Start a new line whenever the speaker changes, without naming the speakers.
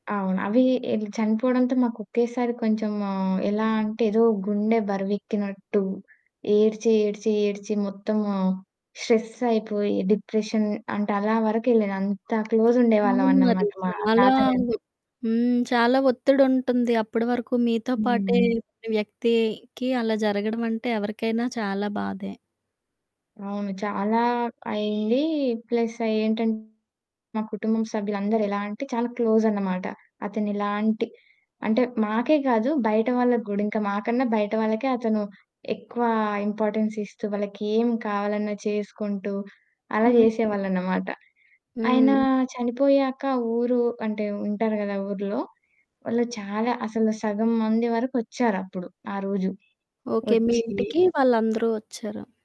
అవును. అవి ఎ చనిపోవడంతో మాకు ఒకేసారి కొంచెం ఆహ్, ఎలా అంటే ఏదో గుండె బరివెక్కినట్టు. ఏడ్చి, ఏడ్చి, ఏడ్చి, మొత్తము స్ట్రెస్సయిపోయి డిప్రెషన్ అంటే అలా వరకెళ్ళాను. అంత క్లోజ్
అవును మరి.
ఉండేవాళ్ళమన్నమాట మా
చాలా వొ
తాతగారితొ.
హ్మ్. చాలా ఒత్తిడుంటుంది. అప్పడి వరకు మీతో పాటే
హ్మ్.
ఉన్న వ్యక్తికి అలా జరగడం అంటే ఎవరికైనా చాలా బాధే.
అవును. చాలా అయింది. ప్లస్ అఏంటంటే మా కుటుంబం సభ్యులందరూ ఎలా అంటే చాలా క్లోజన్నమాట. అతను ఎలాంటి అంటే మాకే కాదు బయట వాళ్ళకి కూడా. ఇంక మాకన్నా బయట వాళ్ళకే అతను ఎక్కువ ఇంపార్టెన్స్ ఇస్తూ వాళ్ళకేం కావాలన్నా చేసుకుంటూ, అలా
హ్మ్.
జేసేవాళ్ళనమాట. ఆయన
హ్మ్.
చనిపోయాక ఊరు అంటే వుంటారు గదా! ఆ ఊర్లో, వాళ్ళు చాలా అసలు సగం మంది వరకు ఒచ్చారప్పుడు ఆ రోజు.
ఓకే. మీ
ఒచ్చీ
ఇంటికి వాళ్ళందరూ ఒచ్చారు.